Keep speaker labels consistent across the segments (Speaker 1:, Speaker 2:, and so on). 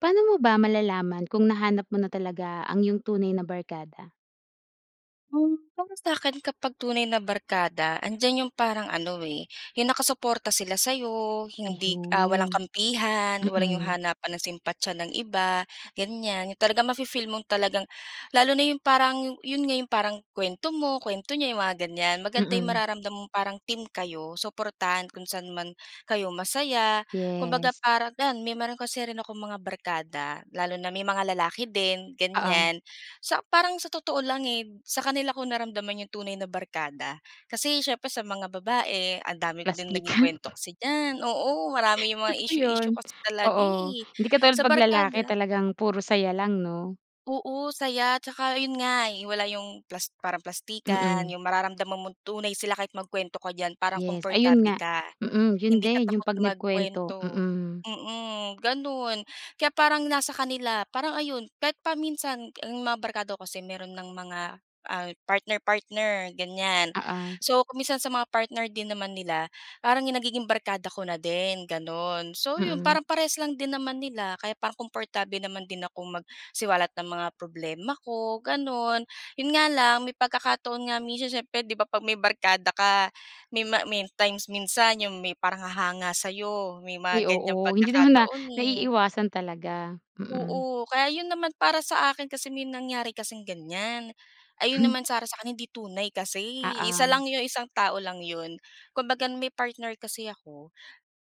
Speaker 1: Paano mo ba malalaman kung nahanap mo na talaga ang yung tunay na barkada?
Speaker 2: Hmm. Para sa akin kapag tunay na barkada andiyan 'yong parang ano, eh, 'yong nakasuporta sila sa'yo, hindi ah, walang
Speaker 1: Ayun.
Speaker 2: kampihan, walang 'yong
Speaker 1: Mm.
Speaker 2: hanapan ng simpatiya ng iba, ganyan 'yong talagang mafi-feel mong talagang lalo na 'yong parang 'yon nga 'yong parang kuwento mo, kuwento niya 'yong mga ganyan. Maganda 'yong
Speaker 1: Mm.
Speaker 2: mararamdam mong parang team kayo, suportahan kung saan man kayo masaya. Kumbaga
Speaker 1: Yes.
Speaker 2: parang yan meron kasi rin akong mga barkada lalo na may mga lalaki din,
Speaker 1: Oo.
Speaker 2: ganyan. Sa parang sa totoo lang, eh, sa kanila ko naramdaman 'yong tunay na barkada. Kasi, siyempre sa mga babae ang dami ko din naging
Speaker 1: Plastikan.
Speaker 2: kuwento kasi diyan, oo marami 'yong mga
Speaker 1: Totoo 'yon.
Speaker 2: issue-issue kasi talaga,
Speaker 1: Oo,
Speaker 2: eh.
Speaker 1: hindi katulad
Speaker 2: Sa
Speaker 1: 'pag lalaki,
Speaker 2: barkada
Speaker 1: talagang puro saya lang, 'no?
Speaker 2: Oo, saya 'tsaka 'yon nga wala 'yong plas parang plastikan,
Speaker 1: Mm.
Speaker 2: 'yong mararamdaman mong tunay sila kahit magkuwento ka diyan parang
Speaker 1: Yes ayun
Speaker 2: komportable
Speaker 1: nga.
Speaker 2: ka.
Speaker 1: Mm, yun
Speaker 2: Hindi ka
Speaker 1: din yung
Speaker 2: takot
Speaker 1: 'pag nagkuwento,
Speaker 2: magkuwento,
Speaker 1: mm.
Speaker 2: mm, gano'n. Kaya parang nasa kanila, parang ayun kahit pa minsan, ang mga barkada ko kasi mayro'n ng mga, ah, partner-partner, ganyan.
Speaker 1: Oo.
Speaker 2: So, kung minsan sa mga partner din naman nila parang nagiging barkada ko na din gano'n. So, 'yon
Speaker 1: Mm.
Speaker 2: parang parehas lang din naman nila kaya parang comportable naman din akong magsiwalat ng mga problema ko, gano'n. 'Yon nga lang, may pagkakataon nga minsan siyempre, 'di ba, 'pag may barkada ka may ma may times minsan 'yong may parang hahanga sa'yo may mga
Speaker 1: Ay
Speaker 2: ganyang
Speaker 1: oo, hindi naman na
Speaker 2: pagkakataon, eh.
Speaker 1: naiiiwasan talaga, mm.
Speaker 2: Oo, kaya 'yon naman para sa akin kasi may nangyari kasing ganyan. Ayun naman sa sa akin hindi tunay kasi, eh, isa
Speaker 1: Oo.
Speaker 2: lang 'yong isang tao lang 'yon. Kumbaga may partner kasi ako,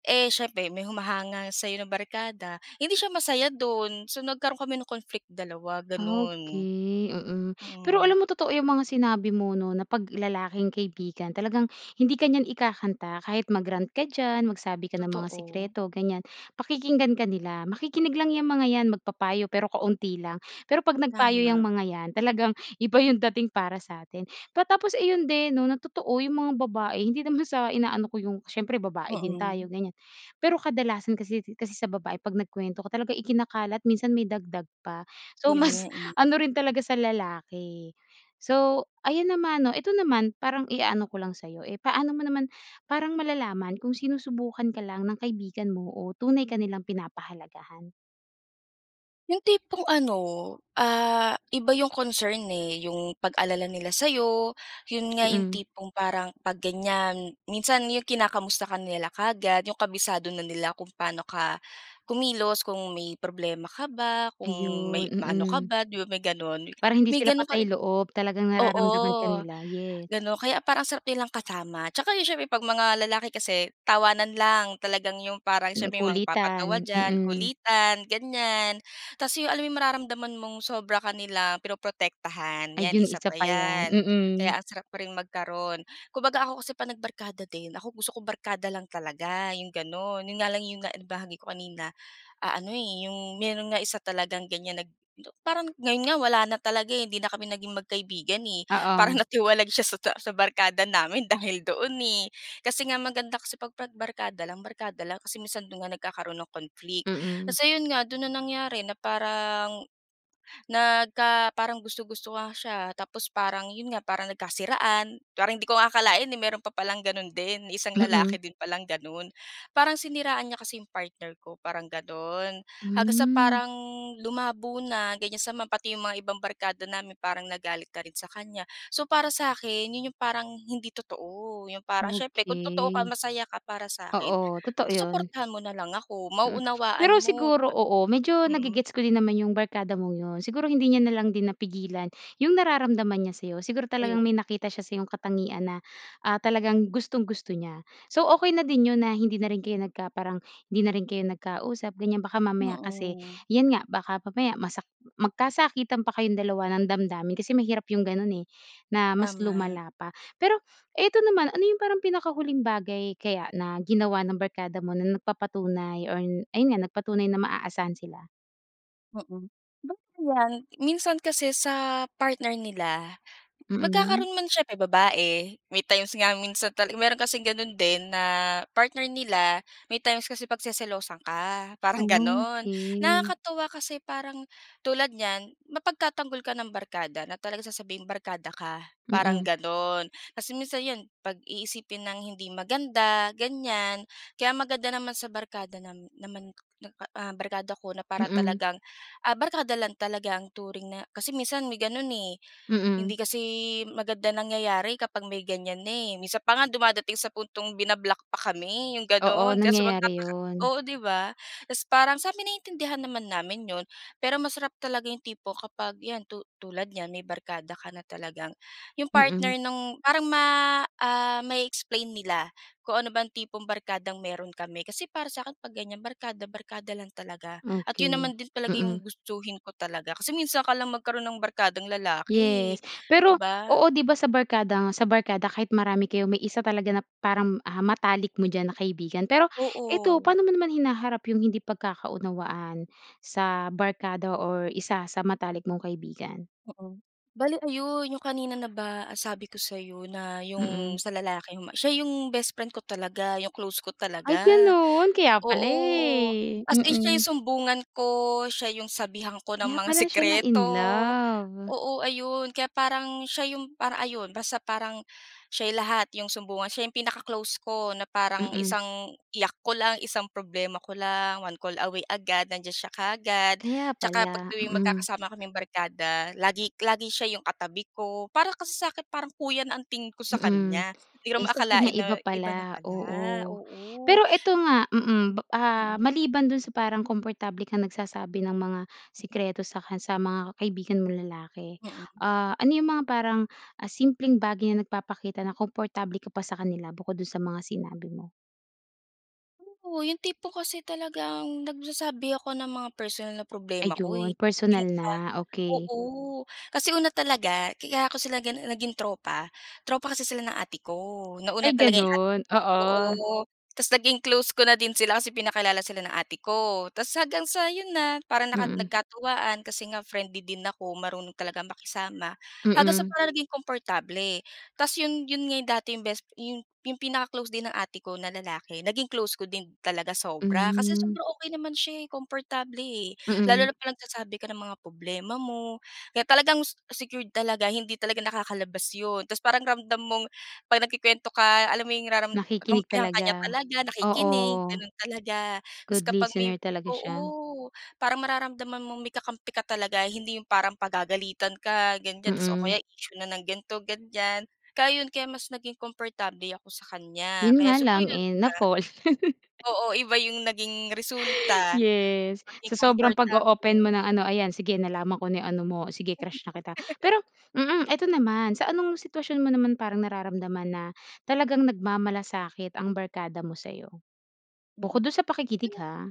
Speaker 2: eh, siyempre may humahanga sa'yo na barkada, hindi siya masaya do'n. So, nagkaroon kami ng conflict dalawa, gano'n.
Speaker 1: Okey, mm. Pero
Speaker 2: Mm.
Speaker 1: alam mo totoo yung mga sinabi mo, 'no, na 'pag lalaking kaibigan, talagang hindi ka niyan ikakanta kahit mag-rant ka diyan magsabi ka ng mga
Speaker 2: Totoo.
Speaker 1: sikreto ganyan, pakikinggan ka nila. Makikinig lang yang mga yan magpapayo pero kaunti lang. Pero 'pag nagpayo
Speaker 2: Tama.
Speaker 1: yang mga yan, talagang iba yung dating para sa atin. Pa tapos ayun din, 'no, na totoo yung mga babae hindi naman sa inaano ko yung siyempre babae din tayo,
Speaker 2: Mm.
Speaker 1: ganyan. Pero kadalasan kasi kasi sa babae 'pag nagkuwento ko talagang ikinakalat minsan may dagdag pa. So
Speaker 2: Ayun nga
Speaker 1: mas
Speaker 2: eh.
Speaker 1: ano rin talaga sa lalaki. So, ayan naman, o ito naman parang iaano ko lang sa'yo, eh, paano mo naman parang malalaman kung sinusubukan ka lang ng kaibigan mo o tunay ka nilang pinapahalagahan?
Speaker 2: Yung tipong ano, ah, iba yung concern, eh, yung pag-alala nila sa'yo. Yun nga yung
Speaker 1: Mm.
Speaker 2: tipong parang 'pag ganyan, minsan yung kinakamusta ka nila kaagad, yung kabisado na nila kung paano ka kumilos, kung may problema ka ba, kung
Speaker 1: Ayon,
Speaker 2: may maano ka
Speaker 1: mm.
Speaker 2: ba, 'di ba may gano'n?
Speaker 1: Parang hindi
Speaker 2: May
Speaker 1: sila
Speaker 2: gano'n ka ri
Speaker 1: patay-loob, talagang nararamdaman ka
Speaker 2: oo,
Speaker 1: nila, yes.
Speaker 2: gano'n, kaya parang ang sarap nilang kasama. 'Tsaka 'yun siyempre 'pag mga lalaki kasi tawanan lang, talagang yung parang
Speaker 1: Hmm,
Speaker 2: siyempre may mga
Speaker 1: kulitan,
Speaker 2: magpapatawa diyan,
Speaker 1: mm.
Speaker 2: kulitan, ganyan. Tapos 'yon, alam yung mararamdaman mong sobra ka nila pinoprotektahan, 'yan,
Speaker 1: Ayun
Speaker 2: isa
Speaker 1: isa
Speaker 2: pa
Speaker 1: pa yan,
Speaker 2: 'yan, kaya
Speaker 1: mm.
Speaker 2: ang sarap pa ring magkaroon. Kumbaga ako kasi 'pag nagbarkada din, ako gusto kong barkada lang talaga, yung gano'n. Yun nga lang yung na nabahagi ko kanina, ah, ano, eh, yung meron nga isa talagang ganyan nag na parang ngayon nga wala na talaga, eh, hindi na kami naging magkaibigan, eh. Parang
Speaker 1: Oo.
Speaker 2: natiwalag siya sa ta sa barkada namin dahil doon, eh. Kasi nga maganda kasi 'pag 'pag barkada lang, barkada lang kasi minsan do'n nga nagkakaroon ng conflict.
Speaker 1: Mm.
Speaker 2: Tas ayon nga, do'n na nangyari, na parang nagka parang gusto-gusto nga siya, tapos parang yun nga, parang nagkasiraan. Parang hindi ko nga akalain, eh, meron pa palang gano'n din, isang
Speaker 1: Mm.
Speaker 2: lalaki din pa lang gano'n. Parang siniraan niya kasi yung partner ko, parang gano'n. Hanggang sa
Speaker 1: Hmm.
Speaker 2: parang lumabo na, ganyan sama pati yung mga ibang barkada namin, parang nagalit na rin sa kanya. So para sa'kin, yun yung parang hindi totoo, yung parang siyempre kung totoo ka
Speaker 1: Okey.
Speaker 2: masaya ka para sa'kin,
Speaker 1: Oo, totoo 'yon.
Speaker 2: susuportahan mo na lang ako,
Speaker 1: Mm,
Speaker 2: mauunawaan
Speaker 1: pero
Speaker 2: mo,
Speaker 1: siguro
Speaker 2: saka
Speaker 1: oo, medyo
Speaker 2: mm.
Speaker 1: nage-gets ko din naman yung barkada mong yun. Siguro hindi niya na lang din napigilan yung nararamdaman niya sa'yo. Siguro
Speaker 2: Ayo
Speaker 1: talagang may nakita siya sayong katangian na, ah, talagang gustong-gusto niya. So okey na din yun na hindi na rin kayo nagka parang hindi na rin kayo nagkausap, ganyan. Baka mamaya kasi
Speaker 2: Mm.
Speaker 1: 'yan nga, baka mamaya masak magkasakitan pa kayong dalawa ng damdamin kasi mahirap yung ganun, eh, na mas
Speaker 2: Tama.
Speaker 1: lumala pa. Pero ito naman, ano yung parang pinakahuling bagay kaya na ginawa ng barkada mo na nagpapatunay or ayon nga, nagpatunay na maaasahan sila?
Speaker 2: Mm. Ba 'yan minsan kasi sa partner nila,
Speaker 1: Mm.
Speaker 2: magkakaroon man siyempre babae may times nga minsan tal mayroon kasing gano'n din na partner nila. May times kasi pagseselosan ka, parang gano'n.
Speaker 1: Okey.
Speaker 2: Nakakatuwa kasi parang tulad niyan mapagtatanggol ka ng barkada na talagang sasabihing barkada ka, parang
Speaker 1: Mm.
Speaker 2: gano'n. Kasi minsan 'yon pag-iisipin ng hindi maganda ganyan. Kaya maganda naman sa barkada nam naman, ah, barkada ko na para
Speaker 1: Mm.
Speaker 2: talagang, ah, barkada lang talaga ang turing na kasi minsan may gano'n, eh.
Speaker 1: Mm.
Speaker 2: Hindi kasi maganda nangyayari kapag may ganyan na eh. Minsan pa nga dumadating sa puntong bina-block pa kami 'yong
Speaker 1: Oo.
Speaker 2: gano'n kaya so
Speaker 1: Nangyayari
Speaker 2: magtataka
Speaker 1: 'yon.
Speaker 2: oo 'di ba? Tapos parang sa'min naiintindihan naman namin 'yon. Pero masarap talaga 'yong tipo kapag 'yan tu tulad niyan may barkada ka na talagang 'yong
Speaker 1: Mm.
Speaker 2: partner ng parang ma ah, ma-e-explain nila kung ano bang tipong barkadang mayroon kami. Kasi para sa'kin 'pag ganyan barkada barkada lang talaga. At 'yon naman
Speaker 1: Okey.
Speaker 2: din talaga 'yong
Speaker 1: Mm.
Speaker 2: gustuhin ko talaga kasi minsan ka lang magkaroon ng barkadang lalaki, eh,
Speaker 1: Yes.
Speaker 2: 'di
Speaker 1: Per,o
Speaker 2: ba?
Speaker 1: oo 'di ba sa barkada sa barkada kahit marami kayo may isa talaga na parang, ah, matalik mo diyan na kaibigan. Pero ito
Speaker 2: Oo.
Speaker 1: paano mo naman hinaharap 'yong hindi pagkakaunawaan sa barkada or isa sa matalik mong kaibigan?
Speaker 2: Mm. Bale ayon 'yong kanina na ba sabi ko sa'yo na 'yong
Speaker 1: Mm.
Speaker 2: sa lalaki 'yong ma siya 'yong best friend ko talaga 'yong close ko
Speaker 1: Ay
Speaker 2: talaga.
Speaker 1: gano'n, kaya pala,
Speaker 2: Oo.
Speaker 1: eh.
Speaker 2: As in siya
Speaker 1: Mm.
Speaker 2: 'yong sumbungan ko, siya 'yong sabihan ko ng
Speaker 1: Kaya
Speaker 2: mga
Speaker 1: pala siya
Speaker 2: sikreto.
Speaker 1: na-inlove.
Speaker 2: Oo ayon kaya parang siya 'yong parang ayon basta parang siya 'yong lahat. 'Yong sumbungan siya 'yong pinaka-close ko na parang
Speaker 1: Mm.
Speaker 2: isang iyak ko lang, isang problema ko lang, one call away agad nandiyan siya kaagad.
Speaker 1: Kaya
Speaker 2: 'Tsaka 'pag
Speaker 1: pala.
Speaker 2: tuwing
Speaker 1: Mm.
Speaker 2: magkakasama kaming barkada lagi-lagi siya 'yong katabi ko, para kasi sa'kin parang kuya na ang tingin ko sa
Speaker 1: Mm.
Speaker 2: kanya. Hindi ko
Speaker 1: Eh,
Speaker 2: naman
Speaker 1: sa kanya
Speaker 2: akalain na
Speaker 1: iba
Speaker 2: iba na
Speaker 1: pala
Speaker 2: pala.
Speaker 1: oo.
Speaker 2: Oo.
Speaker 1: Pero ito nga mm, ah,
Speaker 2: Mm.
Speaker 1: maliban do'n sa parang komportable kang nagsasabi ng mga sikreto sa ka sa mga kaibigan mong lalaki.
Speaker 2: Mm.
Speaker 1: Ah, ano 'yong mga parang simpleng, ah, bagay na nagpapakita na komportable ka pa sa kanila bukod do'n sa mga sinabi mo?
Speaker 2: Oo, yung tipo kasi talagang nagsasabi ako ng mga personal na problema ko, eh.
Speaker 1: Ayun,
Speaker 2: Yung
Speaker 1: personal
Speaker 2: kal
Speaker 1: na. Okey.
Speaker 2: oo. kasi una talaga, kaya ko sila ganun naging tropa, tropa kasi sila ng ate ko. Nauna
Speaker 1: Ay,
Speaker 2: talaga yung ate
Speaker 1: ganun.
Speaker 2: ko.
Speaker 1: Oo.
Speaker 2: Oo, tas naging close ko na din sila kasi pinakilala sila ng ate ko tas hanggang sa yun na, parang naka
Speaker 1: Mm.
Speaker 2: nagkatuwaan kasi nga friendly din ako. Marunong talagang makisama, hanggang sa
Speaker 1: Mm.
Speaker 2: parang naging komportable tas yun yun nga yung dati yung best yung yung pinaka-close din ng ate ko na lalaki naging close ko din talaga sobra kasi
Speaker 1: Hmm.
Speaker 2: sobra okey naman siya, eh, komportable, eh. Lalo
Speaker 1: Mm.
Speaker 2: na kapag nagsasabi ka ng mga problema mo. Kaya talagang se secured talaga, hindi talaga nakakalabas yun. Tapos parang ramdam mong 'pag nagkukuwento ka, alam mo yung raram
Speaker 1: Nakikinig
Speaker 2: kampihan ka
Speaker 1: talaga.
Speaker 2: niya talaga,
Speaker 1: Oo.
Speaker 2: nakikinig, ganun talaga. Tas
Speaker 1: Good
Speaker 2: kapag may
Speaker 1: listener talaga siya.
Speaker 2: oo, parang mararamdaman mong may kakampi ka talaga hindi yung parang pagagalitan ka ganiyan tas o
Speaker 1: Mm.
Speaker 2: kaya issue na ng ganito, ganiyan. Kaya yun, kaya mas naging komportable ako sa kanya,
Speaker 1: Yun
Speaker 2: kaya
Speaker 1: nga
Speaker 2: siguro
Speaker 1: lang,
Speaker 2: yun
Speaker 1: eh,
Speaker 2: nga.
Speaker 1: na-fall.
Speaker 2: Oo, iba yung naging resulta,
Speaker 1: Yes,
Speaker 2: maging
Speaker 1: sa sobrang pag-o-open mo
Speaker 2: komportable.
Speaker 1: ng ano, ayan sige nalaman ko na yung ano mo sige, crush na kita. Pero mm, eto naman, sa anong sitwasyon mo naman parang nararamdaman na talagang nagmamalasakit ang barkada mo sa'yo?
Speaker 2: Mm.
Speaker 1: Bukod dun sa pakikinig
Speaker 2: Yung
Speaker 1: ha.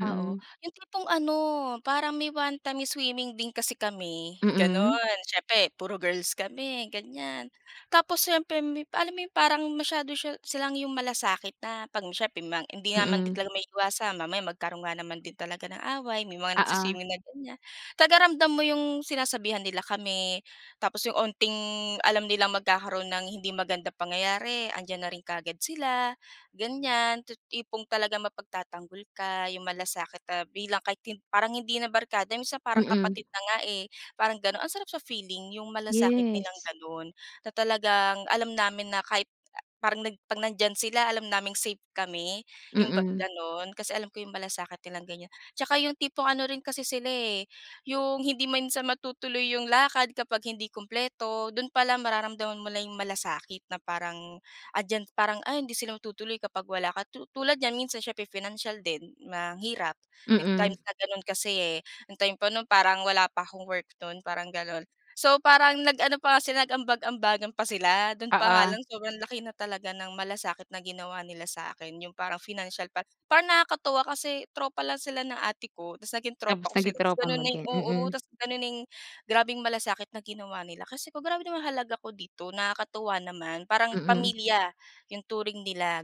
Speaker 2: Oo, yung tipong ano, parang may one time swimming din kasi kami
Speaker 1: Mm.
Speaker 2: ganun, siyempre puro girls kami ganiyan. Tapos siyempre alam mo parang masyado siya silang yung malasakit na 'pag may siyempre may hindi nga din naman
Speaker 1: Mm.
Speaker 2: talaga maiiwasan mamaya magkaroon nga naman din talaga ng away, may mga
Speaker 1: Oo.
Speaker 2: nagswi-swimming na ganiyan. Talagang ramdam mo yung sinasabihan nila kami tapos yung onting alam nilang magkakaroon ng hindi magandang pangyayari, andiyan na rin kaagad sila, ganiyan. Ti tipong talagang mapagtatanggol ka, yung malasakit na bilang kahit hin parang hindi na barkada minsan parang
Speaker 1: Mm.
Speaker 2: kapatid na nga, eh, parang ganun. Ang sarap sa feeling yung malasakit nilang
Speaker 1: Yes.
Speaker 2: ganun na talagang alam namin na kahit parang nag 'pag nandiyan sila, alam naming safe kami yun bang
Speaker 1: Mm.
Speaker 2: ganun, kasi alam ko yung malasakit nilang ganiyan. Tsaka yung tipong ano rin kasi sila, eh, yung hindi man sa matutuloy yung lakad kapag hindi kumpleto, dun palang mararamdaman mo na yung malasakit na parang andiyan, parang, ay hindi sila matutuloy kapag wala ka, tu tulad niyan minsan siyempre pinansyal din, mahirap. May time
Speaker 1: Mm.
Speaker 2: na ganun kasi eh ang time pa nun parang wala pa akong work nun, parang ganun. So parang nag-ano pa sila, nag-ambag-ambagan pa sila. Dun pa nga
Speaker 1: Oo.
Speaker 2: lang sobrang laki na talaga ng malasakit na ginawa nila sa akin, yung parang pinansyal pa. Parang nakakatuwa kasi tropa lang sila ng ate ko, tas naging tropa
Speaker 1: Tapos
Speaker 2: ko sila
Speaker 1: naging
Speaker 2: tas
Speaker 1: tropa
Speaker 2: ganun
Speaker 1: mo
Speaker 2: na yung
Speaker 1: din.
Speaker 2: oo,
Speaker 1: Mm.
Speaker 2: tas ganun na yung grabeng malasakit na ginawa nila. Kasi grabe naman yung halaga ko dito. Nakakatuwa naman. Parang
Speaker 1: Mm.
Speaker 2: pamilya yung turing nila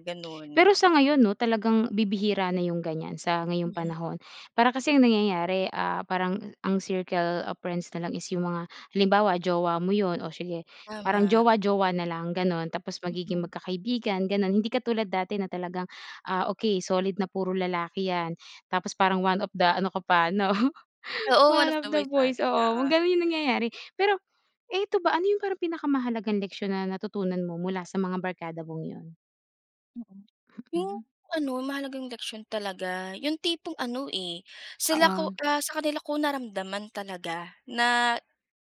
Speaker 1: Pero
Speaker 2: ganun.
Speaker 1: sa ngayon 'no, talagang bibihira na yung ganiyan sa ngayong
Speaker 2: Mm.
Speaker 1: panahon. para kasing ang nangyayari, ah, parang ang circle of friends na lang is yung mga, halimbawa jowa mo yun o sige parang
Speaker 2: Tama.
Speaker 1: jowa jowa na lang ganun. Tapos magiging
Speaker 2: Mm.
Speaker 1: magkakaibigan ganun, hindi katulad dati na talagang, ah, okey solid na puro lalaki yan, tapos parang 1 of the ano ka pa 'no,
Speaker 2: Oo, one
Speaker 1: one
Speaker 2: of
Speaker 1: of
Speaker 2: the
Speaker 1: the
Speaker 2: boys ganon.
Speaker 1: boys. Oo,
Speaker 2: Oo.
Speaker 1: ganun yung nangyayari. Pero eto ba, ano yung parang pinakamahalagang leksyon na natutunan mo mula sa mga barkada mong yun?
Speaker 2: Mhm, yung
Speaker 1: Mm.
Speaker 2: ano mahalagang leksyon talaga, yung tipong ano, eh. Sila ko
Speaker 1: Oo.
Speaker 2: ah, sa kanila ko naramdaman talaga, na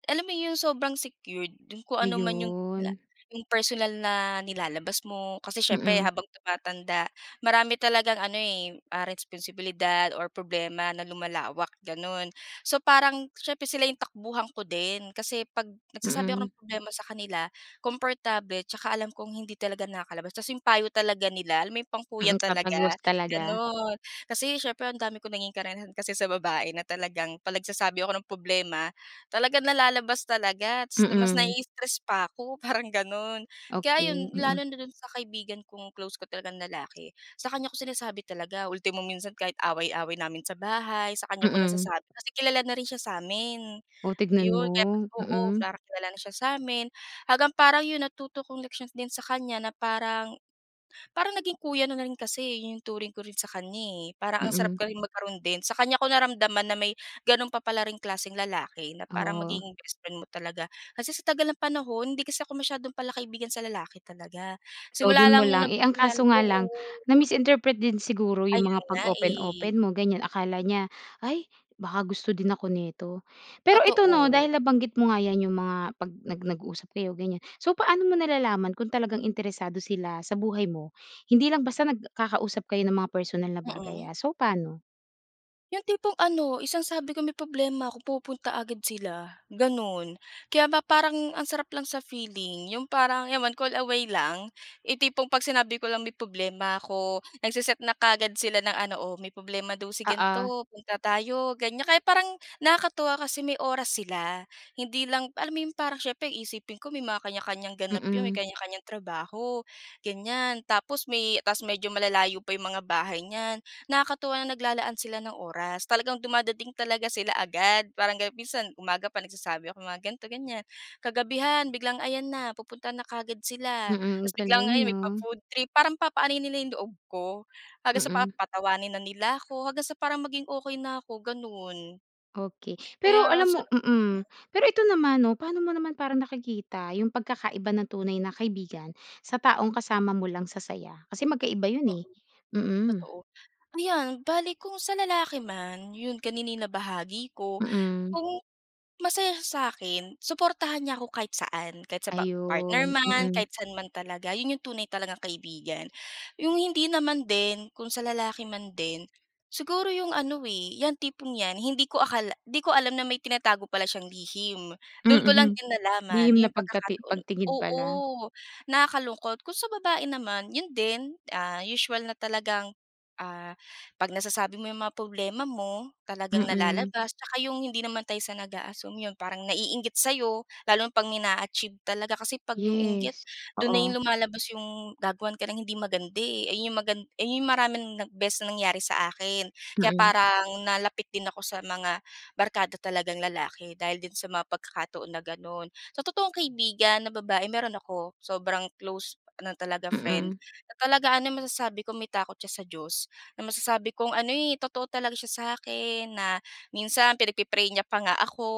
Speaker 2: alam mo yung sobrang secured. Kung ano man yung la
Speaker 1: Ayun.
Speaker 2: yung personal na nilalabas mo, kasi siyempre
Speaker 1: Mm.
Speaker 2: habang tumatanda, marami talagang ano, eh, responsibilidad or problema na lumalawak, gano'n. So, parang siyempre sila yung takbuhan ko din. Kasi 'pag nagsasabi ako
Speaker 1: Mm.
Speaker 2: ng problema sa kanila, komportable 'tsaka alam kong hindi talaga nakakalabas. Tas yung payo talaga nila, alam mo, yung pang kuya
Speaker 1: Mm, tatagos
Speaker 2: talaga,
Speaker 1: talaga.
Speaker 2: gano'n. Kasi, siyempre, ang dami kong naging karanasan kasi sa babae na talagang 'pag nagsasabi ako ng problema, talagang nalalabas talaga. Tas mas
Speaker 1: Mm.
Speaker 2: nai-stress pa ako, parang gano'n. Kaya
Speaker 1: Okey,
Speaker 2: ayon,
Speaker 1: mm.
Speaker 2: lalo na do'n sa kaibigan kong close ko talagang lalaki, sa kanya ko sinasabi talaga. Ultimo, minsan, kahit away-away namin sa bahay, sa kanya ko
Speaker 1: Mm.
Speaker 2: nasasabi. Kasi kilala na rin siya sa amin.
Speaker 1: Oh, tignan
Speaker 2: 'Yon, kaya mas
Speaker 1: mo.
Speaker 2: oo,
Speaker 1: Mm.
Speaker 2: parang kilala na siya sa amin. Hanggang parang 'yon, natuto kong leksyon din sa kanya na parang parang naging kuya na na rin kasi, eh, yung turing ko rin sa kanya, eh. Parang ang sarap
Speaker 1: Mm.
Speaker 2: ko ring magkaroon din. Sa kanya ko naramdaman na may gano'n pa pala ring klaseng lalaki, na parang
Speaker 1: Oo.
Speaker 2: magiging best friend mo talaga. Kasi sa tagal ng panahon, hindi kasi ako masyadong palakaibigan sa lalaki talaga,
Speaker 1: So,
Speaker 2: simula
Speaker 1: do'n mo
Speaker 2: lang nung
Speaker 1: lang, eh, ang
Speaker 2: napakilala,
Speaker 1: kaso nga
Speaker 2: oo.
Speaker 1: lang. Na-misinterpret din siguro yung
Speaker 2: Ayun
Speaker 1: mga
Speaker 2: nga, eh.
Speaker 1: pag-open-open mo ganyan. Akala niya, "Ay baka gusto din ako nito." Pero ito 'no,
Speaker 2: Totoo.
Speaker 1: dahil nabanggit mo nga yan yung mga pag nag nag-usap kayo, ganyan. So, paano mo nalalaman kung talagang interesado sila sa buhay mo? Hindi lang basta nagkakausap kayo ng mga personal na bagay
Speaker 2: Mm.
Speaker 1: ah. So, paano?
Speaker 2: 'Yong tipong ano, isang sabi ko may problema 'ko pupunta agad sila, gano'n. Kaya ba parang ang sarap lang sa feeling, 'yong parang 'yan one call away lang. Yung tipong 'pag sinabi ko lang may problema ako, nagse-set na kaagad sila ng ano, "Oh may problema daw si
Speaker 1: Oo.
Speaker 2: ganto, punta tayo," ganyan. Kaya parang nakakatuwa kasi may oras sila. Hindi lang alam mo 'yong parang syempre iisipin ko may mga kanya-kanyang ganap 'yon, may
Speaker 1: Mm.
Speaker 2: kanya-kanyang trabaho, ganyan. Tapos may ta's medyo malalayo pa 'yong mga bahay niyan. Nakakatuwa na naglalaan sila ng oras. Talagang dumadating talaga sila agad, parang ganun. Minsan umaga pa nagsasabi ako mga gan'to, ganyan, kagabihan biglang ayan na, pupunta na kaagad sila.
Speaker 1: Mm, ang
Speaker 2: Ta's biglang
Speaker 1: galing
Speaker 2: ayan may
Speaker 1: 'no.
Speaker 2: pa-food trip, parang papa-anuhin nila 'yong loob ko. Hanggang sa
Speaker 1: Mm.
Speaker 2: papatawanin na nila ako, hanggang sa parang maging okey na ako, gano'n.
Speaker 1: Okey.
Speaker 2: Kaya
Speaker 1: Pero alam mo
Speaker 2: sa
Speaker 1: mm.
Speaker 2: mm.
Speaker 1: Pero ito naman 'no, paano mo naman parang nakikita yung pagkakaiba ng tunay na kaibigan sa taong kasama mo lang sa saya? Kasi magkaiba 'yon eh.
Speaker 2: Oo.
Speaker 1: Mm.
Speaker 2: Totoo. Ayan bale kung sa lalaki man, 'yon kanina yung nabahagi ko.
Speaker 1: Mm.
Speaker 2: Kung masaya sya sa'kin, suportahan niya ako kahit saan, kahit sa pa partner
Speaker 1: Ayun,
Speaker 2: man,
Speaker 1: mm.
Speaker 2: kahit saan man talaga, 'yon 'yong tunay talagang kaibigan. 'Yong hindi naman din, kung sa lalaki man din, siguro 'yong ano eh 'yang tipong 'yan, hindi ko akala, hindi ko alam na may tinatago pala siyang lihim. Do'n ko lang
Speaker 1: Mm.
Speaker 2: din nalaman,
Speaker 1: Lihim
Speaker 2: 'yong
Speaker 1: na pagkati
Speaker 2: pagkakataon,
Speaker 1: pagtingin
Speaker 2: oo
Speaker 1: pala.
Speaker 2: nakakalungkot. Kung sa babae naman, 'yon din, ah, usual na talagang, ah, 'pag nasasabi mo 'yong mga problema mo, talagang
Speaker 1: Mm.
Speaker 2: nalalabas. 'Tsaka 'yong hindi naman tayo sa nag-aassume, 'yon parang naiinggit sa'yo, lalo na 'pag may naa-achieve talaga. Kasi 'pag 'yong inggit,
Speaker 1: Yes,
Speaker 2: do'n na
Speaker 1: oo.
Speaker 2: 'yon lumalabas 'yong gagawan ka ng hindi maganda, eh, ayun 'yong magan ayun 'yong maraming beses na nangyari sa akin. Kaya
Speaker 1: Mm.
Speaker 2: parang nalapit din ako sa mga barkada talagang lalaki, dahil din sa mga pagkakataon na gano'n. Sa totoong kaibigan na babae meron ako, sobrang close na talaga friend
Speaker 1: Mm.
Speaker 2: na talaga ano, masasabi ko may takot siya sa Diyos. Na masasabi kong ano, eh, totoo talaga siya sa'kin, na minsan pinagpi-pray niya pa nga ako,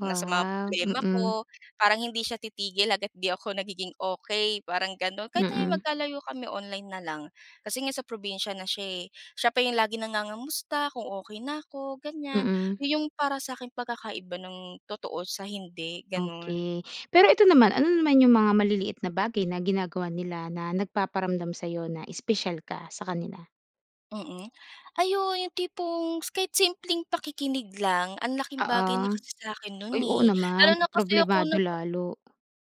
Speaker 2: na sa mga problema
Speaker 1: mm.
Speaker 2: ko. Parang hindi siya titigil hanggat 'di ako nagiging okey, parang gano'n. Kahit ngayon
Speaker 1: Mm.
Speaker 2: magkalayo kami online na lang, kasi ngayon sa probinsiya na siya, eh. Siya pa 'yong lagi nangangamusta, kung okey na ko ganyan.
Speaker 1: Mm.
Speaker 2: 'Yon 'yong para sa aking pagkakaiba ng totoo sa hindi, gano'n.
Speaker 1: Okey. Pero ito naman, ano naman yung mga maliliit na bagay na ginagawa nila, na nagpaparamdam sa'yo na espesyal ka sa kanila?
Speaker 2: Mm. Ay oo, 'yong tipong kahit simpleng pakikinig lang, ang laking
Speaker 1: Oo.
Speaker 2: bagay na kasi sa akin no'n,
Speaker 1: Uy, oo,
Speaker 2: eh.
Speaker 1: naman
Speaker 2: Lalo na kasi ako
Speaker 1: problemado
Speaker 2: napa
Speaker 1: lalo.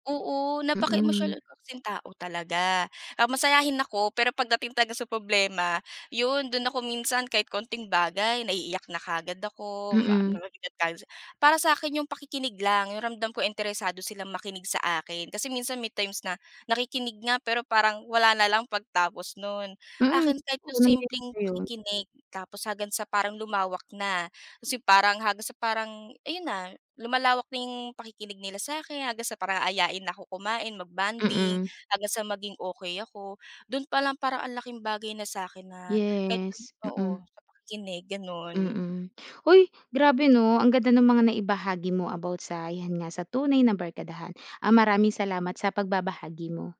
Speaker 2: oo
Speaker 1: Mm.
Speaker 2: napaka-emosyonal ko kasing kong tao kasi talaga. Ah, masayahin ako, pero pagdating talaga sa problema, 'yon do'n ako minsan, kahit konting bagay naiiyak na kaagad ako, ma
Speaker 1: Mm.
Speaker 2: [unintelligible] Para sa akin 'yong pakikinig lang, 'yong ramdam ko interesado silang makinig sa akin, kasi minsan may times na, nakikinig nga pero parang wala na lang pagtapos no'n.
Speaker 1: Mm,
Speaker 2: Akin, kahit
Speaker 1: oo,
Speaker 2: 'yong simpleng
Speaker 1: nangyayari 'yon.
Speaker 2: pakikinig, tapos hanggang sa parang lumawak na. Ta's yung parang, hanggang sa parang ayon na, lumalawak na yung pakikinig nila sa akin. Hanggang sa parang aayain na ako kumain, mag-bonding
Speaker 1: Mm.
Speaker 2: hanggang sa maging okey ako. Do'n pa lang parang ang laking bagay na sa akin na kahit do'n
Speaker 1: Yes,
Speaker 2: oo,
Speaker 1: mm.
Speaker 2: sa pakikinig, gano'n.
Speaker 1: Mm. Hoy, grabe 'no, ang ganda nung mga naibahagi mo about sa yan nga, sa tunay na barkadahan. Ah, maraming salamat sa pagbabahagi mo.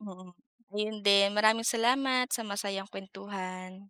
Speaker 2: Mm, ayon din, maraming salamat sa masayang kuwentuhan.